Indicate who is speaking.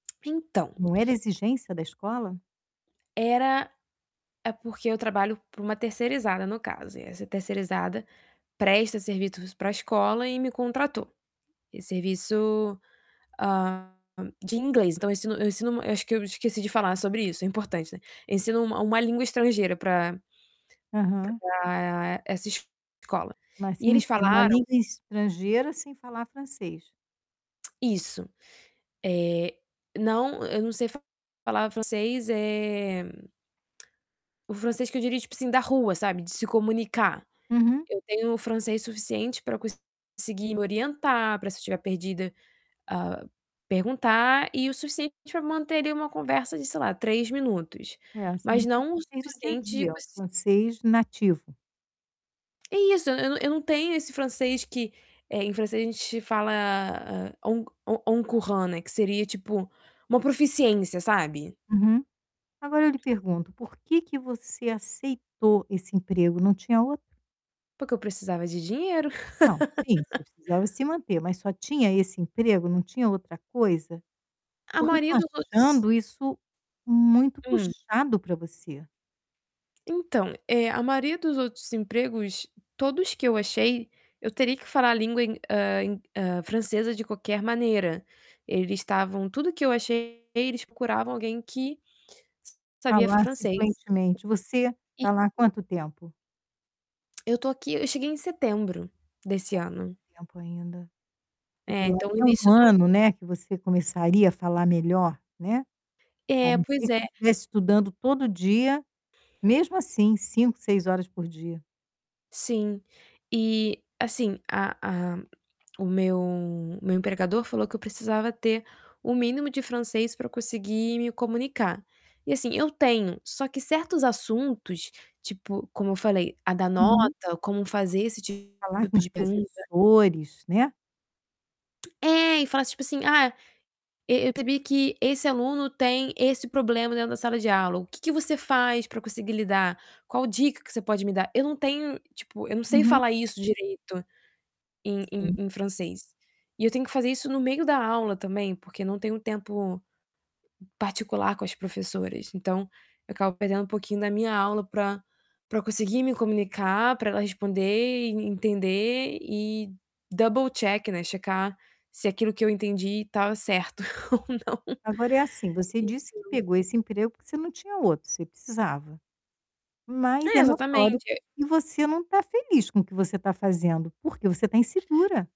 Speaker 1: Então
Speaker 2: Não era exigência da escola?
Speaker 1: era é porque eu trabalho para uma terceirizada, no caso, e essa terceirizada presta serviços pra escola e me contratou. Esse
Speaker 2: É.
Speaker 1: serviço, hã, de inglês então, eu ensino eu ensino eu acho que eu esqueci de falar sobre isso, é importante, né. Eu ensino uma uma língua estrangeira pra
Speaker 2: Aham.
Speaker 1: pra essa escola.
Speaker 2: Mas
Speaker 1: E
Speaker 2: sim
Speaker 1: eles
Speaker 2: ser numa
Speaker 1: falaram
Speaker 2: língua estrangeira sem falar francês.
Speaker 1: Isso. Eh, não, eu não sei falar francês, eh, o francês que eu diria, tipo assim, da rua, sabe, de se comunicar.
Speaker 2: Uhum.
Speaker 1: Eu tenho um francês suficiente pra conseguir me orientar, pra se eu estiver perdida, hã, perguntar e o suficiente pra manter ali uma conversa de, sei lá, 3 minutos,
Speaker 2: É, assim,
Speaker 1: mas
Speaker 2: com
Speaker 1: não o
Speaker 2: francês no dia a
Speaker 1: suficiente, tipo
Speaker 2: dia, o
Speaker 1: assim
Speaker 2: francês nativo.
Speaker 1: É isso. Eu não eu não tenho esse francês que, eh, em francês a gente fala, eh, au au au courant, né, que seria tipo, uma proficiência, sabe.
Speaker 2: Uhum. Agora eu lhe pergunto, por que que você aceitou esse emprego? Não tinha outro?
Speaker 1: Porque eu precisava de dinheiro.
Speaker 2: Não, sim, você precisava se manter, mas só tinha esse emprego? Não tinha outra coisa?
Speaker 1: A
Speaker 2: Porque eu tô
Speaker 1: maioria dos
Speaker 2: achando isso muito
Speaker 1: Hum.
Speaker 2: puxado pra você.
Speaker 1: Então, eh, a maioria dos outros empregos, todos que eu achei, eu teria que falar a língua em, hã, em, hã, francesa de qualquer maneira. Eles estavam tudo que eu achei eles procuravam alguém que sabia
Speaker 2: Falar, assim,
Speaker 1: francês.
Speaker 2: fluentemente. Você tá lá há
Speaker 1: E
Speaker 2: quanto tempo?
Speaker 1: Eu tô aqui eu cheguei em setembro desse ano.
Speaker 2: to tempo ainda, porque
Speaker 1: É,
Speaker 2: pelo
Speaker 1: então, o
Speaker 2: meno
Speaker 1: início do
Speaker 2: ano, né, que você começaria a falar melhor, né, a
Speaker 1: É,
Speaker 2: não
Speaker 1: pois
Speaker 2: ser
Speaker 1: é.
Speaker 2: que estivesse estudando todo dia, mesmo assim, 5, 6 horas por dia.
Speaker 1: Sim. E, assim, a a o meu o meu empregador falou que eu precisava ter o mínimo de francês pra eu conseguir me comunicar. E, assim, eu tenho, só que certos assuntos, tipo, como eu falei, a da
Speaker 2: Uhum.
Speaker 1: nota, como fazer esse
Speaker 2: Falar com
Speaker 1: tipo
Speaker 2: os
Speaker 1: de pergunta.
Speaker 2: professores, né.
Speaker 1: É, e fala tipo assim: "Ah, e eu temi que esse aluno tem esse problema dentro da sala de aula. O que que você faz pra conseguir lidar? Qual dica que você pode me dar?". Eu não tenho, tipo, eu não sei
Speaker 2: Uhum.
Speaker 1: falar isso direito em em
Speaker 2: Sim.
Speaker 1: em francês. E eu tenho que fazer isso no meio da aula também porque não tenho tempo particular com as professoras, então eu acabo perdendo um pouquinho da minha aula pra pra conseguir me comunicar, pra ela responder e entender e double check, né, checar se aquilo que eu entendi estava certo ou não.
Speaker 2: Agora é assim, você disse que
Speaker 1: Então
Speaker 2: pegou esse emprego porque você não tinha outro, você precisava. Mas
Speaker 1: É,
Speaker 2: é notório
Speaker 1: exatamente.
Speaker 2: que você não tá feliz com o que você tá fazendo, porque você tá insegura.